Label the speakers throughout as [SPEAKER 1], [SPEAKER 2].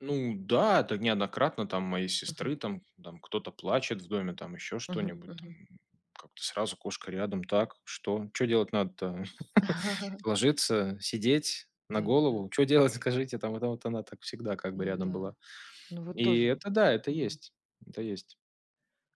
[SPEAKER 1] Ну да, это неоднократно там моей
[SPEAKER 2] Мгм.
[SPEAKER 1] сестры, там, там кто-то плачет в доме, там еще
[SPEAKER 2] Мгм
[SPEAKER 1] что-нибудь, там.
[SPEAKER 2] мгм.
[SPEAKER 1] Как-то сразу кошка рядом. Так, что? Чё делать надо-то? Ложиться, сидеть, на
[SPEAKER 2] Да-да-да.
[SPEAKER 1] голову? Чё делать, скажите? Там вот вот она так всегда как бы
[SPEAKER 2] Ну
[SPEAKER 1] рядом
[SPEAKER 2] да,
[SPEAKER 1] была.
[SPEAKER 2] ну вот
[SPEAKER 1] И
[SPEAKER 2] тоже
[SPEAKER 1] это да, это
[SPEAKER 2] Мгм.
[SPEAKER 1] есть. Это есть.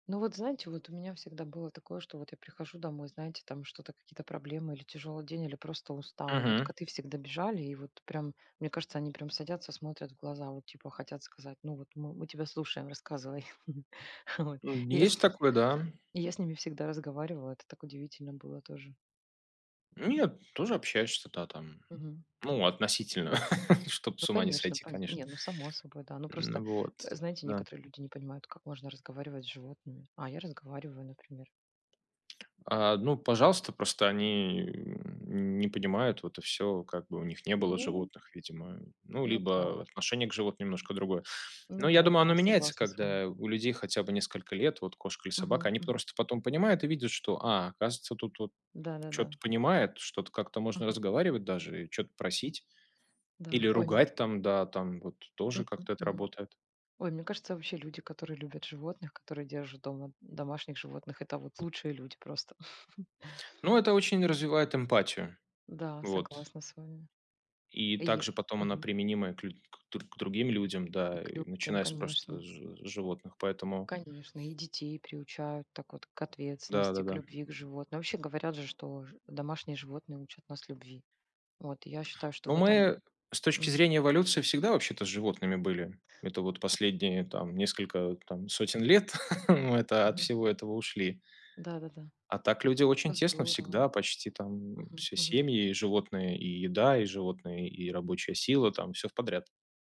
[SPEAKER 2] Ну вот, знаете, вот у меня всегда было такое, что вот я прихожу домой, знаете, там что-то, какие-то проблемы или тяжёлый день, или просто устала. И вот
[SPEAKER 1] Мгм.
[SPEAKER 2] коты всегда бежали и вот прям, мне кажется, они прям садятся, смотрят в глаза, вот типа хотят сказать: "Ну вот мы, мы тебя слушаем, рассказывай". Вот,
[SPEAKER 1] Э,
[SPEAKER 2] и я с
[SPEAKER 1] есть
[SPEAKER 2] ними,
[SPEAKER 1] такое, да.
[SPEAKER 2] я с ними всегда разговаривала, это так удивительно было тоже.
[SPEAKER 1] Нет, тоже общаешься, да, там.
[SPEAKER 2] Мгм.
[SPEAKER 1] Ну, относительно, чтоб
[SPEAKER 2] Ну
[SPEAKER 1] с ума не
[SPEAKER 2] конечно,
[SPEAKER 1] сойти,
[SPEAKER 2] поня
[SPEAKER 1] конечно.
[SPEAKER 2] Не, ну само собой, да. Ну
[SPEAKER 1] Н
[SPEAKER 2] просто,
[SPEAKER 1] вот,
[SPEAKER 2] э, знаете,
[SPEAKER 1] да.
[SPEAKER 2] некоторые люди не понимают, как можно разговаривать с животными. А, я разговариваю, например.
[SPEAKER 1] А, ну пожалуйста, просто они н не понимают, вот и всё. Как бы у них не было
[SPEAKER 2] Ну
[SPEAKER 1] животных, видимо. Ну
[SPEAKER 2] Ну да.
[SPEAKER 1] либо отношение к животным немножко другое. Но
[SPEAKER 2] Ну
[SPEAKER 1] я
[SPEAKER 2] да,
[SPEAKER 1] думаю, оно
[SPEAKER 2] да,
[SPEAKER 1] меняется,
[SPEAKER 2] согласна с вами.
[SPEAKER 1] когда у людей хотя бы несколько лет вот кошка или собака.
[SPEAKER 2] Мгм
[SPEAKER 1] Они
[SPEAKER 2] мгм.
[SPEAKER 1] просто потом понимают и видят, что: "А, оказывается, тут вот
[SPEAKER 2] Да-да-да.
[SPEAKER 1] чё-то понимает, что-то как-то можно
[SPEAKER 2] Мгм.
[SPEAKER 1] разговаривать даже, и чё-то просить
[SPEAKER 2] Да,
[SPEAKER 1] или
[SPEAKER 2] ой, м
[SPEAKER 1] ругать там, да", там вот тоже
[SPEAKER 2] Мгм,
[SPEAKER 1] как-то это
[SPEAKER 2] мгм.
[SPEAKER 1] работает.
[SPEAKER 2] Ой, мне кажется, вообще люди, которые любят животных, которые держат дома домашних животных- это вот лучшие люди просто.
[SPEAKER 1] Ну, это очень развивает эмпатию.
[SPEAKER 2] Да,
[SPEAKER 1] Вот.
[SPEAKER 2] согласна с вами.
[SPEAKER 1] И
[SPEAKER 2] И е
[SPEAKER 1] также потом она
[SPEAKER 2] Мгм.
[SPEAKER 1] применима и к лю к др к другим людям,
[SPEAKER 2] И
[SPEAKER 1] да,
[SPEAKER 2] к
[SPEAKER 1] и
[SPEAKER 2] людям,
[SPEAKER 1] начиная с просто
[SPEAKER 2] конечно.
[SPEAKER 1] с жи с животных. Поэтому
[SPEAKER 2] Конечно, и детей приучают так вот к
[SPEAKER 1] Да
[SPEAKER 2] ответственности, к
[SPEAKER 1] да-да.
[SPEAKER 2] любви к животным. Вообще говорят же, что ж домашние животные учат нас любви. Вот я считаю, что в
[SPEAKER 1] Ну,
[SPEAKER 2] этом
[SPEAKER 1] мы с точки
[SPEAKER 2] Мгм.
[SPEAKER 1] зрения эволюции всегда вообще-то с животными были. Это вот последние там несколько вот там сотен лет мы, это, от
[SPEAKER 2] Мгм.
[SPEAKER 1] всего этого ушли.
[SPEAKER 2] Да-да-да,
[SPEAKER 1] А так люди очень тесно
[SPEAKER 2] здорово.
[SPEAKER 1] всегда почти, там,
[SPEAKER 2] Мгм,
[SPEAKER 1] все:
[SPEAKER 2] мгм.
[SPEAKER 1] семьи, и животные, и еда, и животные, и рабочая сила там, всё вподряд.